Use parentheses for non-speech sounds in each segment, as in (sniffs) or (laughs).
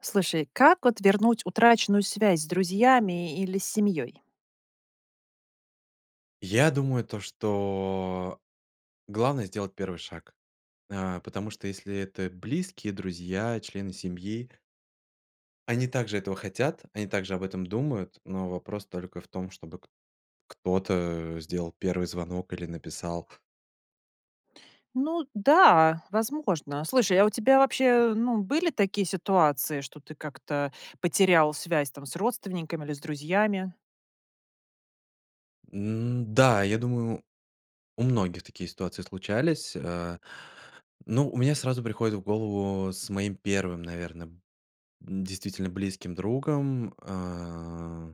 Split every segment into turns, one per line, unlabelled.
Слушай, как вот вернуть утраченную связь с друзьями или семьей?
Я думаю то, что главное сделать 1 шаг, а, потому что, если это близкие, друзья, члены семьи они также этого хотят, они также об этом думают, но вопрос только в том, чтобы к кто-то, э, сделал 1 звонок или написал.
Ну да, возможно. Слушай, а у тебя вообще, ну, были такие ситуации, что ты как-то потерял связь, там, с родственниками или с друзьями?
М, да, я думаю у многих такие ситуации случались, э. Ну, у меня сразу приходит в голову с моим 1, наверное, действительно, близким другом, э.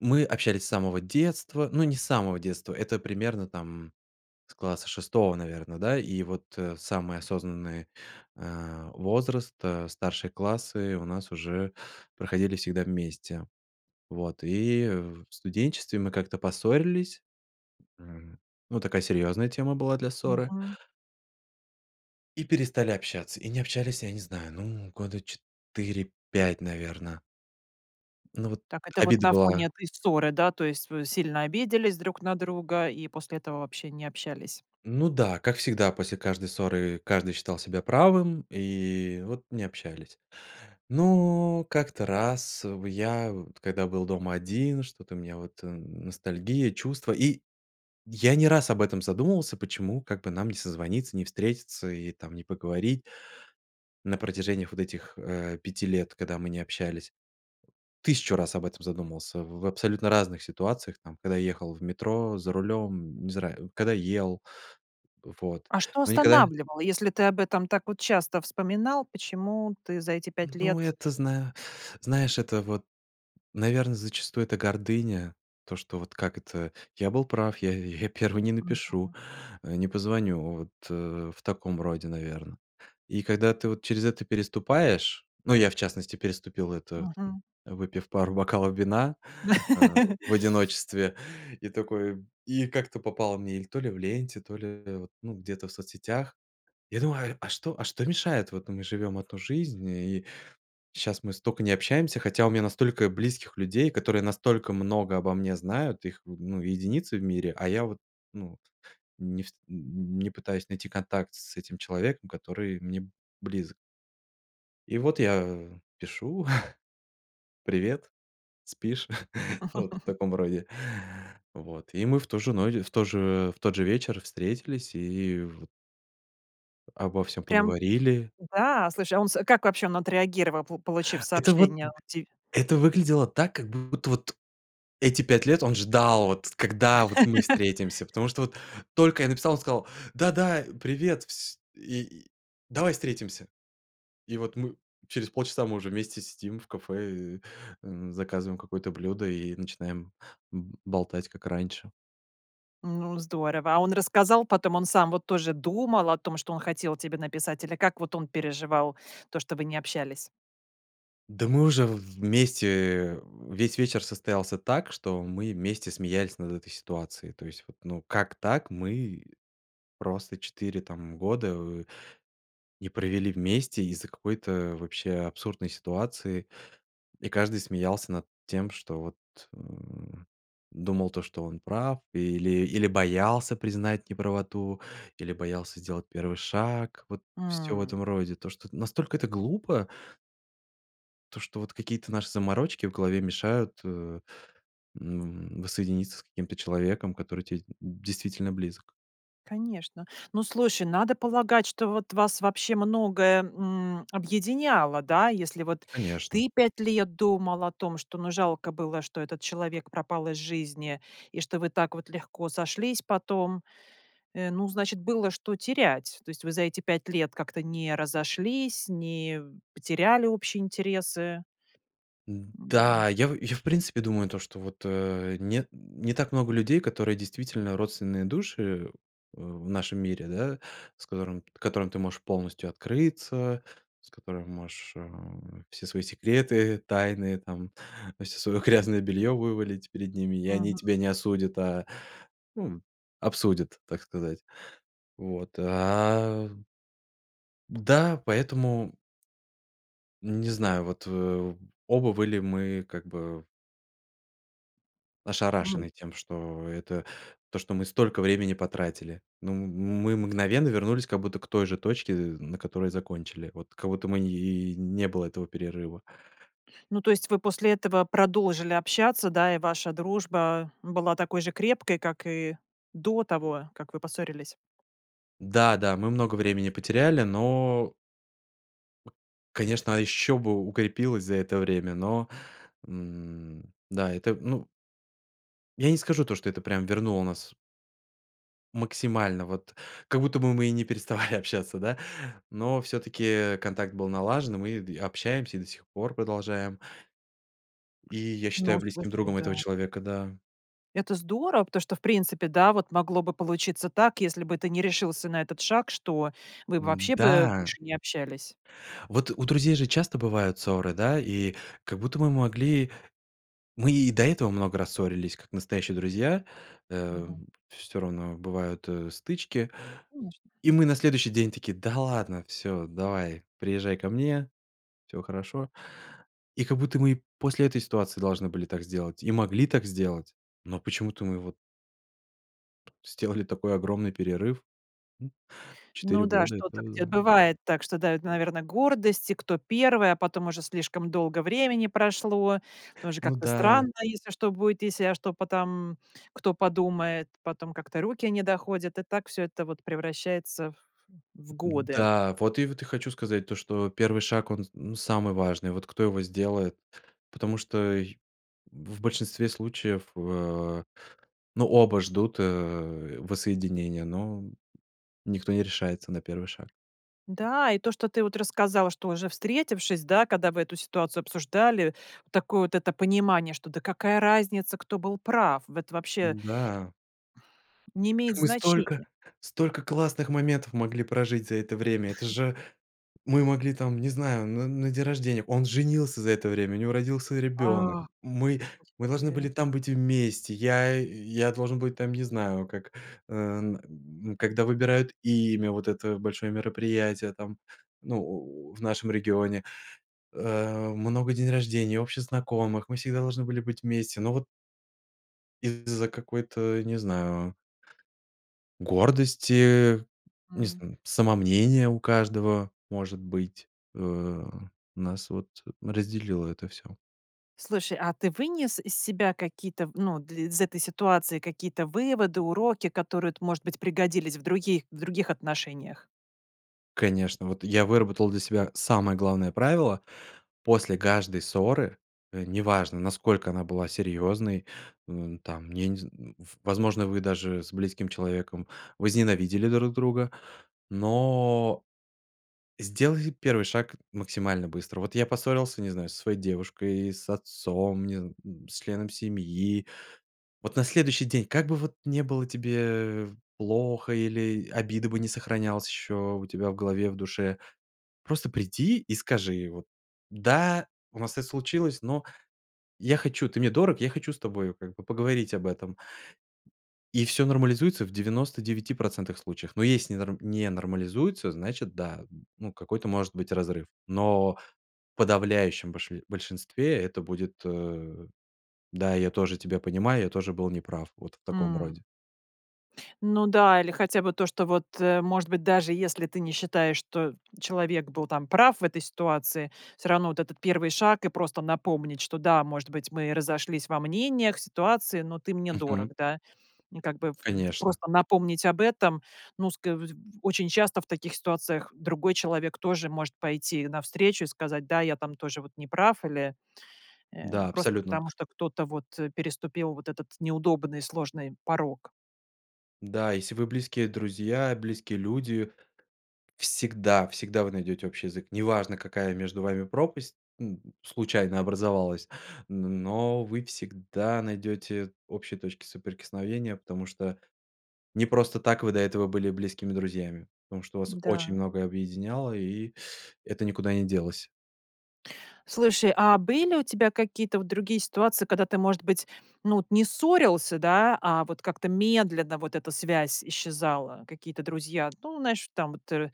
Мы общались с самого детства. Ну, не с самого детства, это примерно, там, с класса 6, наверное, да? И вот, э, самый осознанный, э, возраст, э, старшие классы у нас уже проходили всегда вместе. Вот и в студенчестве мы как-то поссорились., Ну, такая серьезная тема была для ссоры.
Мгм.
И перестали общаться и не общались, я не знаю, ну, года 4-5, наверно. Ну вот
Так это вот
обида
на фоне
была.
этой ссоры, да, то есть вы сильно обиделись друг на друга и после этого вообще не общались.
Ну да, как всегда, после каждой ссоры каждый считал себя правым, и вот не общались. Но как-то раз в я, вот когда был дома один, что-то у меня вот ностальгия, чувства, и я не раз об этом задумывался, почему как бы нам не созвониться, не встретиться и, там, не поговорить. На протяжении х вот этих, э, 5 лет, когда мы не общались. 1 000 раз об этом задумывался в в абсолютно разных ситуациях, там, когда ехал в метро, за рулем, не знаю, когда ел, вот.
А что
Но никогда
останавливало, если ты об этом так вот часто вспоминал, почему ты за эти 5
Ну,
лет?
это, зна знаешь, это вот, наверно, зачастую, это гордыня. То, что вот как это? Я был прав, я я 1 не напишу,
Мгм.
э, не позвоню. Вот, э, в таком роде, наверное. И когда ты вот через это переступаешь, ну, я, в частности, переступил это, там,
Мгм.
выпив пару бокалов вина, а,
(laughs)
в одиночестве, и такой, и как-то попала мне или то ли в ленте, то ли, э, ну где-то в соцсетях. Я думаю: а что а что, мешает? Вот, ну, мы живём 1 жизнь, и щас мы столько не общаемся, хотя у меня настолько близких людей, которые настолько много обо мне знают, их в ну, единицы в мире, а я вот, ну не ф не пытаюсь найти контакт с этим человеком, который мне близок. И вот я, а, пишу: (chuckles) "Привет, спишь?" (chuckles) Вот в таком роде.
(laughs)
Вот. И мы в ту же ночь, в тот же, в тот же вечер встретились и в обо всем
Прям,
поговорили.
да, слушай, а он с как вообще он отреагировал, по получив
Это вот,
сообщение
м,
от ти
это выглядело так, как будто, вот эти 5 лет он ждал, вот когда, вот мы
(laughs)
встретимся. Потому что, вот только я написал, он сказал: "Да-да, привет, вс и. Давай встретимся!" И вот мы через полчаса мы уже вместе сидим в кафе, э, заказываем какое-то блюдо и начинаем б болтать как раньше.
Ну, здорово, а он рассказал потом, он сам вот тоже думал о том, что он хотел тебе написать или как вот он переживал то, что вы не общались?
Да, мы уже в вместе, э, весь вечер состоялся так, что мы вместе смеялись над этой ситуацией то есть вот, ну, вот как так мы просто 4, там, года, э, не провели вместе из-за какой-то вообще абсурдной ситуации, и каждый смеялся над тем что вот, э, думал то, что он прав или или боялся признать неправоту, или боялся сделать 1 шаг вот всё в этом
М.
роде, то что, настолько это глупо. То что вот какие-то наши заморочки в голове мешают, э, м, воссоединиться с каким-то человеком, который тебе д действительно близок.
Конечно. Ну, слушай, надо полагать, что вот вас вот вообще многое, м, объединяло, да, если вот
Конечно!
ты 5 лет думал о том, что, ну, жалко было, что этот человек пропал из жизни, и что вы так вот легко сошлись потом, э, ну значит было что терять, то есть вы за эти 5 лет как-то не разошлись, не потеряли общие интересы.
Да. Я в я в принципе думаю то, что вот, э, не не так много людей, которые, действительно, родственные души, э, в в нашем мире, да, с которым которым ты можешь полностью открыться, с которыми можешь, э, все свои секреты, тайны, там, всё своё грязное бельё вывалить перед ними, и они
Мгм.
тебя не осудят, а, м, обсудят, так сказать. Вот. А. Да, поэтому. Не знаю, вот, э, оба были мы, как бы
М.
ошарашены тем, что, это, то что мы столько времени потратили. Ну, м мы мгновенно вернулись как будто к той же точке, э, на которой закончили. Вот как будто мы, и, не было этого перерыва.
Ну, то есть вы после этого продолжили общаться, да? И ваша дружба, а, была такой же крепкой, как и до того как вы поссорились.
Да, да, мы много времени потеряли, но конечно, а еще бы укрепилось за это время, но, м, да, это, ну я не скажу то, что это прямо вернуло нас максимально, вот как будто бы мы и не переставали общаться, да, но всё-таки, э, контакт был налажен, мы д общаемся и до сих пор продолжаем. И я
Ну
считаю близким
слушай,
другом этого
да.
человека, да.
Это здорово, потому что в принципе, да, вот могло бы получиться так, если бы ты не решился на этот шаг, что вы
М,
вообще бы
да.
больше не общались.
Вот у друзей же часто бывают ссоры, да? И как будто мы могли мы и до этого много раз ссорились, как настоящие друзья. Э,
Мгм.
всё равно бывают, э, стычки.
Конечно.
И мы на следующий день такие: "Да ладно, всё, давай, приезжай ко мне. Всё хорошо." И как будто мы и после этой ситуации должны были так сделать, и могли так сделать, но почему-то мы вот Сделали такой огромный перерыв.
Ну
4
да,
года это,
что-то
да.
где бывает так, что давит, наверное, гордость, кто 1, а потом уже слишком долго времени прошло, тоже
Ну
как-то
да.
странно, если что будет, если, а что потом кто подумает, потом как-то руки не доходят, и так всё это вот превращается в годы.
Да, вот и, вот, хочу сказать то, что 1 шаг он с самый важный, вот кто его сделает. Потому что, э, в большинстве случаев, э, ну, оба ждут, э, воссоединения, но никто не решается на 1 шаг.
Да, и то, что ты вот рассказал, что уже встретившись, да, када вы эту ситуацию обсуждали, такое вот это понимание, что да какая разница, кто был прав это вообще
М-да.
не имеет
Мы столько
значения.
столько классных моментов могли прожить за это время! Это же. Мы могли там, не знаю, н на день рождения. Он женился за это время, у него родился ребёнок,
А.
мы
Просто
мы должны
тебе
были там быть вместе, я, э, я должен быть, там, не знаю, как, э, когда выбирают имя, вот это большое мероприятие, там, ну, у в нашем регионе, э, много день рождений, общих знакомых, мы всегда должны были быть вместе, ну вот. Из-за какой-то, не знаю, гордости, э, не
М.
зн самомнения у каждого, может быть, э, у нас вот разделило это всё.
Слушай, а ты вынес из себя какие-то, ну, д из этой ситуации какие-то выводы, уроки, которые вот может быть пригодились в других, в других отношениях?
Конечно, вот я выработал для себя самое главное правило: после каждой ссоры, э, неважно, насколько она была серьезной, м, там, я не зн в возможно, вы даже с близким человеком возненавидели друг друга, но сделай первый шаг максимально быстро. Вот я поссорился, не знаю, со своей девушкой, с отцом, не зн с членом семьи. Вот на следующий день, как бы вот ни было тебе плохо, или обида бы ни сохранялась еще у тебя в голове, в душе, просто приди и скажи, и вот: "Да, у нас это случилось, но я хочу, ты мне дорог, я хочу с тобой, как бы, поговорить об этом". И всё нормализуется в 99 % случаев. Но если не норм не нормализуется, значит, да, ну, какой-то, может быть, разрыв. Но в подавляющем больш большинстве это будет, э: "Да, я тоже тебя понимаю, я тоже был неправ". Вот в таком
М.
роде.
Ну да, или хотя бы то, что вот, э, может быть, даже если ты не считаешь, что человек был там прав в этой ситуации, всё равно вот этот 1 шаг, и просто напомнить, что да, может быть, мы разошлись во мнениях, ситуации, но ты мне дорог,
Мгм.
да. Как бы, в д
Конечно.
просто напомнить об этом, ну, ск вдь очень часто в таких ситуациях другой человек тоже может пойти навстречу и сказать: "Да, я там тоже вот не прав или, э,
Да,
просто
абсолютно.
потому что кто-то вот переступил вот этот неудобный, сложный порог".
Да, если вы близкие друзья, близкие люди всегда, всегда вы найдете общий язык. Неважно, какая между вами пропасть, м, случайно образовалась, н но вы всегда найдете общие точки соприкосновения, потому что не просто так вы до этого были близкими друзьями. Потому что вас очень
Да.
многое объединяло, и это никуда не делось.
Слушай, а были у тебя какие-то вот другие ситуации, когда ты, может быть, ну вот не ссорился, да, а вот как-то медленно вот эта связь исчезала? Какие-то друзья, ну знаешь, там вот, э,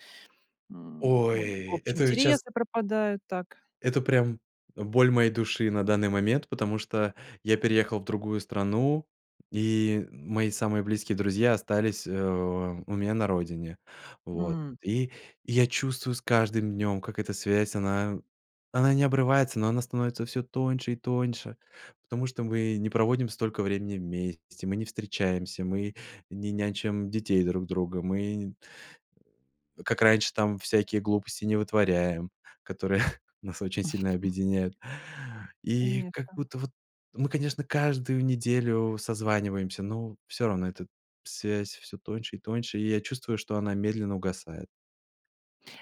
м, о, и в
Ой,
общем
это ведь щас
интересы пропадают так.
Это прям боль моей души на данный момент, потому что я переехал в другую страну, и мои самые близкие друзья остались, э, у меня на родине. Вот,
М.
и я чувствую с каждым днем как эта связь, она она не обрывается, но она становится всё тоньше и тоньше, потому что мы не проводим столько времени вместе, мы не встречаемся, мы не нянчим детей друг друга. Мы как раньше там всякие глупости не вытворяем, которые (chuckles) нас очень сильно объединяют.
(chuckles)
И как
Конечно.
будто вот, мы, конечно, каждую неделю созваниваемся, но всё равно эта связь всё тоньше и тоньше, и я чувствую, что она медленно угасает.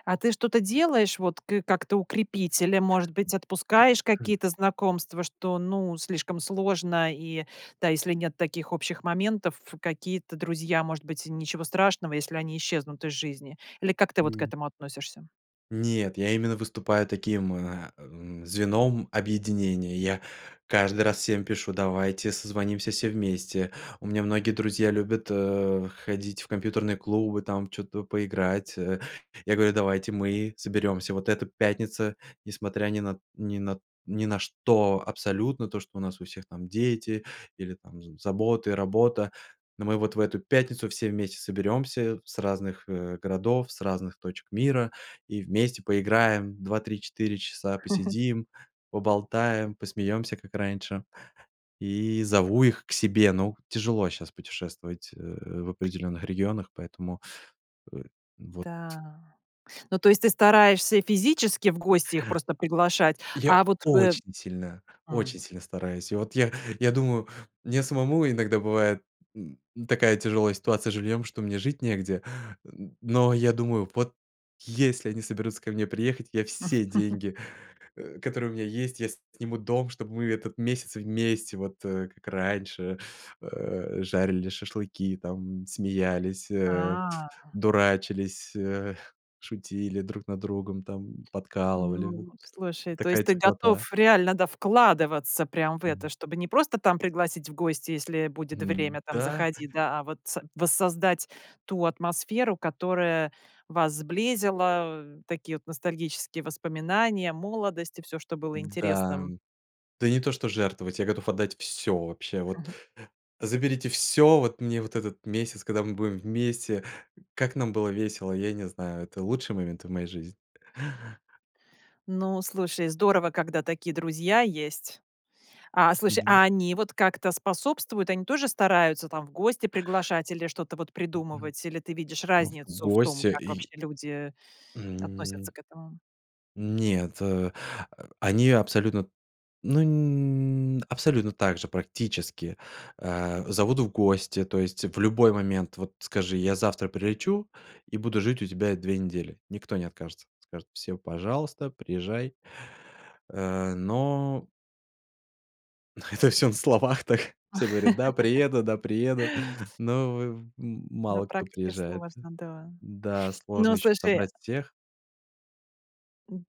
А ты что-то делаешь, вот, кы как-то укрепителем, может быть, отпускаешь какие-то знакомства, что, ну, слишком сложно, и, да, если нет таких общих моментов, какие-то друзья, может быть, ничего страшного, если они исчезнут из жизни? Или как ты вот к этому относишься?
Нет, я именно выступаю таким, э, м, звеном объединения, я каждый раз всем пишу: "Давайте созвонимся все вместе". У меня многие друзья любят, э, ходить в компьютерные клубы, там чё-то поиграть. Э, я говорю: "Давайте мы соберемся! Вот это пятница, несмотря ни на ни на ни на что абсолютно, то что у нас у всех там дети, или там з заботы, работа, ну мы вот в эту пятницу все вместе соберемся с разных, э, городов, с разных точек мира, и вместе поиграем 2-3-4 часа,
(chuckles)
посидим, поболтаем, посмеемся как раньше". И зову их к себе. Ну, тяжело щас путешествовать, э, в определенных регионах, поэтому, э, вот.
Да, ну то есть ты стараешься физически в гости их просто приглашать?
Я
А вот, э
очень сильно, очень
Хм.
сильно стараюсь. И вот я я думаю, мне самому иногда бывает, н ну такая тяжелая ситуация с жильем, что мне жить негде, н но я думаю: вот если они соберутся ко мне приехать, я все
(chuckles)
деньги, э, которые у меня есть, я сниму дом, чтобы мы этот месяц вместе вот, э, как раньше, э, жарили шашлыки, там смеялись, э,
А.
дурачились, э, шутили друг над другом, там подкалывали.
Ну, слушай, то есть
Такая
ты
теплота.
готов реально, да, вкладываться прям в это. Чтобы не просто там пригласить в гости, "если будет время там-
Да.
заходи", да, а вот са воссоздать ту атмосферу, которая вас сблизила. Такие вот ностальгические воспоминания, молодость, и всё, что было
М, да.
интересным.
Да не то что жертвовать, я готов отдать всё вообще. Вот
Ага.
заберите всё вот, мне вот этот месяц, когда мы будем вместе Как нам было весело, я не знаю, это лучший момент в моей жизни.
Ну, слушай, здорово, когда такие друзья есть. А, слушай,
Да.
а они вот как-то способствуют? Они тоже стараются там в гости приглашать или что-то вот
Мгм.
придумывать? Или ты видишь
В
разницу в том,
гости,
как
и
вообще люди относятся
М
к этому?
Нет, э, они абсолютно, ну абсолютно также, практически, э, зовут в гости. То есть в любой момент вот скажи: "Я завтра прилечу и буду жить у тебя 2 недели"- никто не откажется. Скажут: "Всё, пожалуйста, приезжай". Э, но Но это всё на словах так. Все говорят: "Да, приеду, да, приеду."
(laughs)
(chuckles) Но, э, в м
На
мало кто
практике
приезжает.
сложно, да.
Да,
(sniffs) Ну,
сложно щас
слушай
собрать всех.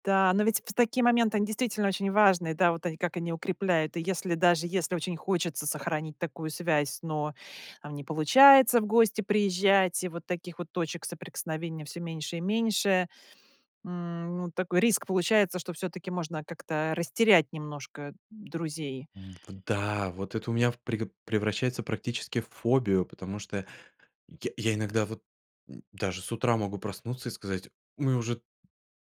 Да, но ведь в такие моменты, они действительно очень важные, да, вот они как они укрепляют. И если даже, если очень хочется сохранить такую связь, но, там, не получается в гости приезжать, и вот таких вот точек соприкосновения всё меньше и меньше, м, ну, такой риск получается, что всё-таки можно как-то растерять немножко друзей.
М, вот да. Вот это у меня в преп превращается практически в фобию. Потому что я я иногда вот, м, даже с утра могу проснуться и сказать: "Мы уже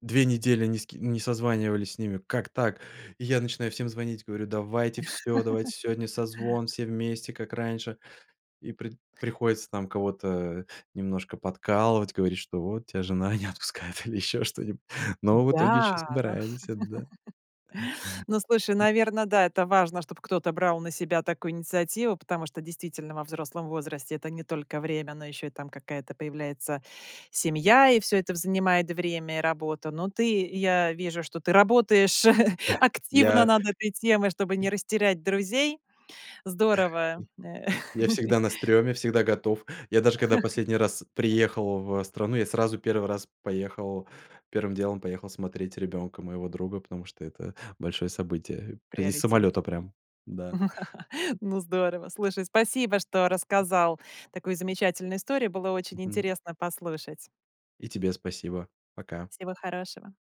2 недели ни с ке ни созванивались с ними. Как так?". И я начинаю всем звонить, говорю: "Давайте всё,
(laughs)
давайте сегодня созвон все вместе, как раньше." И при приходится там кого-то, э, немножко подкалывать. Говорить, что: "Вот, тя жена не отпускает", или ещё что-нибудь. Но в итоге еще
Да,
собираемся, да.
но (laughs) Ну слушай,
(chuckles)
наверно, да, это важно, чтоб кто-то брал на себя такую инициативу. Потому что, действительно, во взрослом возрасте это не только время, но еще и там какая-то появляется семья. И всё это в занимает время, и работа. Но ты, я вижу, что ты работаешь (chuckles)
(chuckles)
активно
Я
над этой темой, чтобы не растерять друзей. Здорово, э
Я всегда на
(laughs)
стрёме, всегда готов. Я даже когда последний раз
(chuckles)
приехал в страну, я сразу 1 раз поехал, 1 делом поехал смотреть ребенка моего друга, потому что это большое событие.
В
П из самолета
приоритете.
прям, да.
(laughs) Ну здорово. Слушай, спасибо, что рассказал такую замечательную историю. Было очень
Мгм.
интересно послушать.
И тебе спасибо, пока.
Всего хорошего.